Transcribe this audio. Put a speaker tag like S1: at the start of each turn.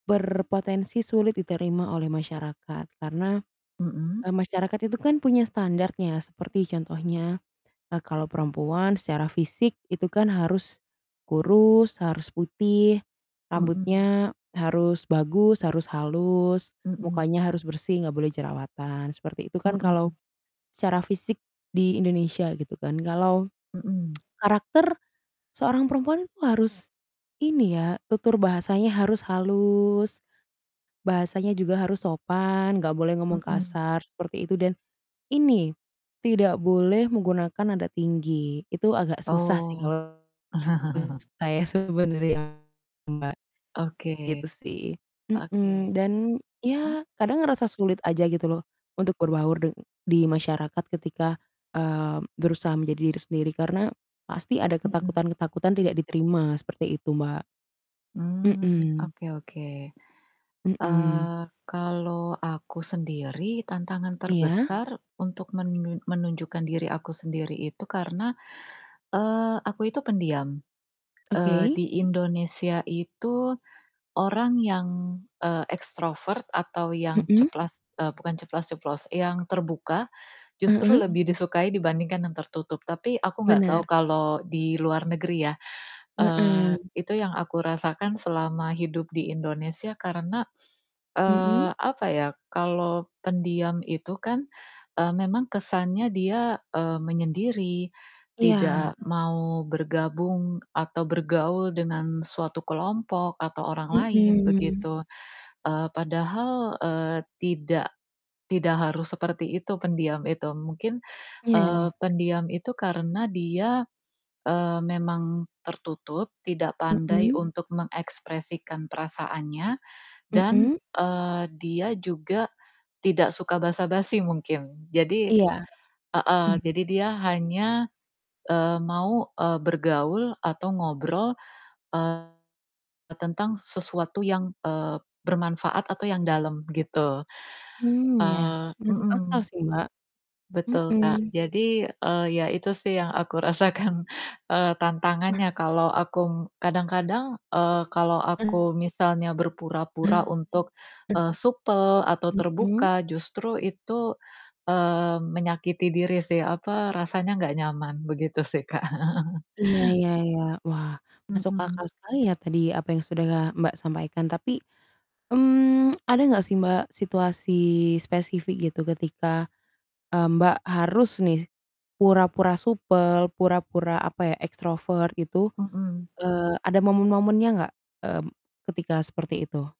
S1: Berpotensi sulit diterima oleh masyarakat karena,
S2: Mhm.
S1: eee, masyarakat itu kan punya standart-nya, seperti contohnya, eee, kalau perempuan secara fisik itu kan harus kurus, harus putih,
S2: Mhm.
S1: rambutnya harus bagus, harus halus,
S2: Mhm.
S1: mukanya harus bersih nggak boleh jerawatan, seperti itu kan kalau
S2: Mhm.
S1: secara fisik di Indonesia gitu kan. Kalau
S2: Mhm.
S1: karakter seorang perempuan itu harus ini ya, tutur bahasanya harus halus, bahasanya juga harus sopan, nggak boleh ngomong
S2: Mhm.
S1: kasar seperti itu dan ini, tidak boleh menggunakan nada tinggi, itu agak susah sih
S2: Oh.
S1: kalo menurut saya sih sebenernya Mbak,
S2: Oke.
S1: gitu sih. Mhm,
S2: Oke.
S1: dan
S2: Mhm.
S1: ya kadang ngerasa sulit aja gitu loh untuk berbaur deng di masyarakat ketika, eee, berusaha menjadi diri sendiri karena pasti ada
S2: Mhm.
S1: ketakutan-ketakutan tidak diterima, seperti itu, Mbak.
S2: Mmm.
S1: Mhm.
S2: Oke oke.
S1: Mhm.
S2: Eee, kalo aku sendiri tantangan
S1: Iya.
S2: terbesar untuk menun menunjukkan diri aku sendiri itu karena, eee, aku itu pendiam. Eee,
S1: Oke.
S2: di Indonesia itu orang yang, eee, ekstrovert atau yang
S1: Mhm.
S2: ceplas eee, bukan ceplas-ceplos, yang terbuka, justru
S1: Heeh.
S2: lebih disukai dibandingkan yang tertutup. Tapi aku nggak tau
S1: Bener.
S2: kalau di luar negeri ya.
S1: Heeh.
S2: Eee, Itu yang aku rasakan selama hidup di Indonesia karena, eee,
S1: Mhm.
S2: apa ya, kalau pendiam itu kan, eee, memang kesannya dia, eee, menyendiri,
S1: Iya.
S2: tidak mau bergabung atau bergaul dengan suatu kelompok atau orang lain,
S1: Mhm.
S2: begitu. Eee, padahal, eee, tidak tidak harus seperti itu pendiam itu. Mungkin, eee,
S1: Iya.
S2: pendiam itu karena dia, eee, memang tertutup, tidak pandai
S1: Mhm.
S2: untuk mengekspresikan perasaannya dan,
S1: Mmm.
S2: eee, dia juga tidak suka basa-basi mungkin. Jadi
S1: Iya.
S2: heeh,
S1: Mmm.
S2: jadi dia hanya, eee, mau, eee, bergaul atau ngobrol, eee, tentang sesuatu yang, eee, bermanfaat atau yang dalam gitu.
S1: Mmm, ya.
S2: Eee
S1: Masuk akal
S2: mhm.
S1: sih, Mbak.
S2: Betul, Kak.
S1: Mhm.
S2: Jadi, eee, ya itu sih yang aku rasakan, eee, tantangannya kalau akung kadang-kadang, eee, kalau aku
S1: [unintelligible]
S2: misalnya berpura-pura untuk, eee, supel
S1: [unintelligible]
S2: atau
S1: Mhm.
S2: terbuka, justru itu, eee, menyakiti diri sih, apa, rasanya nggak nyaman. Begitu sih, Kak.
S1: Iya iya iya. Wah, masuk
S2: Mmm.
S1: akal sekali ya tadi apa yang sudah Mbak sampaikan tapi, mmm, ada nggak sih Mbak, situasi spesifik gitu ketika, eee, Mbak harus nih pura-pura supel, pura-pura apa ya, ekstrovert gitu?
S2: Mhm.
S1: Eee, ada momen-momennya nggak, mmm, ketika seperti itu?